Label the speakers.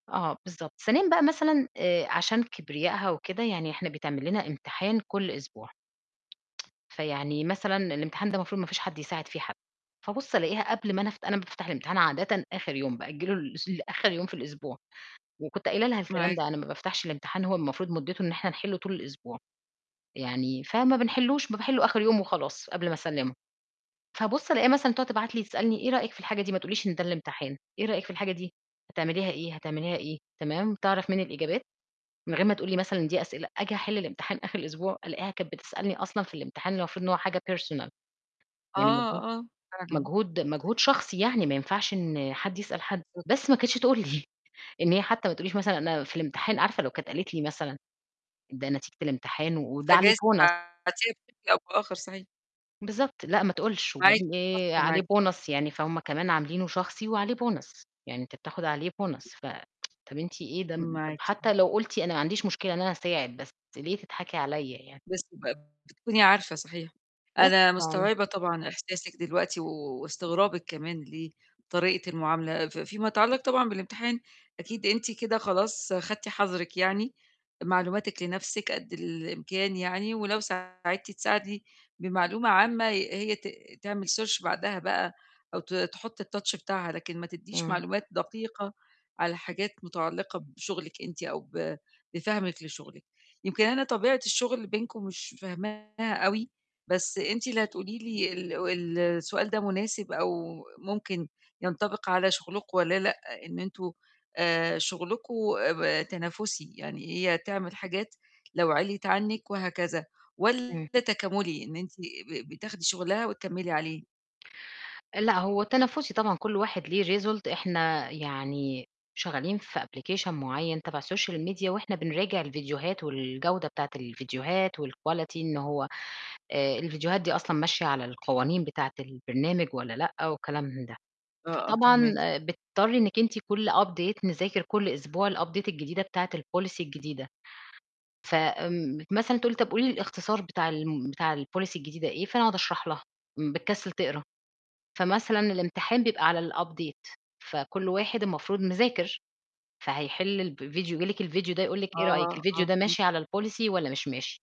Speaker 1: آه، بالضبط. ثانيًا بقى مثلًا، آآ، عشان كبرياءها وكده، يعني احنا بيتعمل لنا امتحان كل أسبوع. فيعني مثلًا الامتحان ده مفروض مفيش حد يساعد فيه حد. فابُص ألاقيها قبل ما أنا افت أنا ما بافتح الامتحان عادةً آخر يوم، بأجله لاس لآخر يوم في الأسبوع. وكنت قايلة لها الكلام
Speaker 2: معاكِ.
Speaker 1: ده، أنا ما بافتحش الامتحان، هو المفروض مُدته إن احنا نحله طول الأسبوع. يعني، فما بنحلهوش، ب باحله آخر يوم وخلاص قبل ما أسلمُه. فابُص ألاقيها مثلًا تقعد تبعت لي تسألني: "إيه رأيِّك في الحاجة دي؟" ما تقوليش إن ده الامتحان. "إيه رأيِّك في الحاجة دي؟ هتعمليها إيه؟ هتعمليها إيه؟" تمام؟ تعرف مني الإجابات من غير ما تقول لي مثلًا إن دي أسئلة. آجي أحل الامتحان آخر الأسبوع، ألاقيها كانت بتسألني أصلًا في الامتحان، المفروض إن هو حاجة personal.
Speaker 2: آه،
Speaker 1: يعني مجهود،
Speaker 2: آه، فعلًا.
Speaker 1: مجهود، مجهود شخصي يعني، ما ينفعش إن حد يسأل حد.
Speaker 2: [unintelligible]
Speaker 1: بس ما كانتش تقول لي إن هي حتى ما تقوليش مثلًا إنها في الامتحان عارفة لو كانت قالت لي مثلًا ده نتيجة الامتحان، وده عليه
Speaker 2: فجايز
Speaker 1: bonus.
Speaker 2: تعدي [unintelligible] صحيح.
Speaker 1: بالضبط. لأ، ما تقولِش.
Speaker 2: معاكِ،
Speaker 1: وبعدين
Speaker 2: [unintelligible]
Speaker 1: إيه عليه
Speaker 2: سامعاكِ طبعًا.
Speaker 1: bonus يعني، فهُم كمان عاملينه شخصي وعليه bonus. يعني أنت بتاخد عليه bonus. ف طَب أنتِ إيه ده؟ طَب
Speaker 2: معاكِ.
Speaker 1: حتى لو قلتِ أنا ما عنديش مشكلة إن أنا أساعد، بس ليه تتضحكي عليَّا يعني؟
Speaker 2: بس ب بتكوني عارفة صحيح.
Speaker 1: بس
Speaker 2: أنا
Speaker 1: ف
Speaker 2: مستوعبة طبعًا إحساسِك دلوقتي و واستغرابِك كمان لطريقة المعاملة. في في ما يتعلّق طبعًا بالامتحان، أكيد أنتِ كده خلاص أخدتِ حظرِك يعني، معلوماتِك لنفسِك قد الإمكان يعني، ولو ساعدتِ تساعدي بمعلومة عامة هي هي ت تعمل search بعدها بقى أو ت تحُط الtouch بتاعها، لكن ما تدّيش
Speaker 1: إمم.
Speaker 2: معلومات دقيقة على حاجات مُتعلقة بشغلِك أنتِ أو ب بفهمِك لشغلِك. يمكن أنا طبيعة الشغل بينكم مش فاهماها أوي، بس أنتِ اللي هتقولي لي ال السؤال ده مناسب أو ممكن ينطبق على شغلكم والَّا لأ، إن أنتم، آآ، شُغلكم، أ ب تنافسي، يعني هي تعمل حاجات لو عليت عنِك وهكذا،
Speaker 1: إمم.
Speaker 2: والّا تكاملي، إن أنتِ ب بتاخدي شغلها وتكملي عليه.
Speaker 1: لأ، هو تنافسي طبعًا كل واحد ليه result. احنا يعني شغالين في application مُعين تبع social media، وإحنا بنراجع الفيديوهات والجودة بتاعِة الفيديوهات و الquality إن هو آآ، الفيديوهات دي أصلًا ماشية على القوانين بتاعِة البرنامج ولا لأ، وكلام من ده.
Speaker 2: آه، آه،
Speaker 1: فطبعًا،
Speaker 2: فاهماكِ.
Speaker 1: بتضطري إنِك أنتِ كل update نذاكر كل أسبوع الupdate الجديدة بتاعِة الpolicy الجديدة. ف آمم مثلًا تقول لي: "طَب قولي لي الاختصار بتاع الم بتاع الpolicy الجديدة إيه؟" فأنا أقعد أشرح لها، إمم بتكسل تقرا. فمثلًا الامتحان بيبقى على الupdate، فكل واحد المفروض مذاكر، فهيحل الفيديو جِه لِك الفيديو ده يقول لِك:
Speaker 2: آه،
Speaker 1: "إيه رأيِّك؟ الفيديو
Speaker 2: آه
Speaker 1: ده
Speaker 2: فهمت.
Speaker 1: ماشي على الpolicy والّا مش ماشي؟"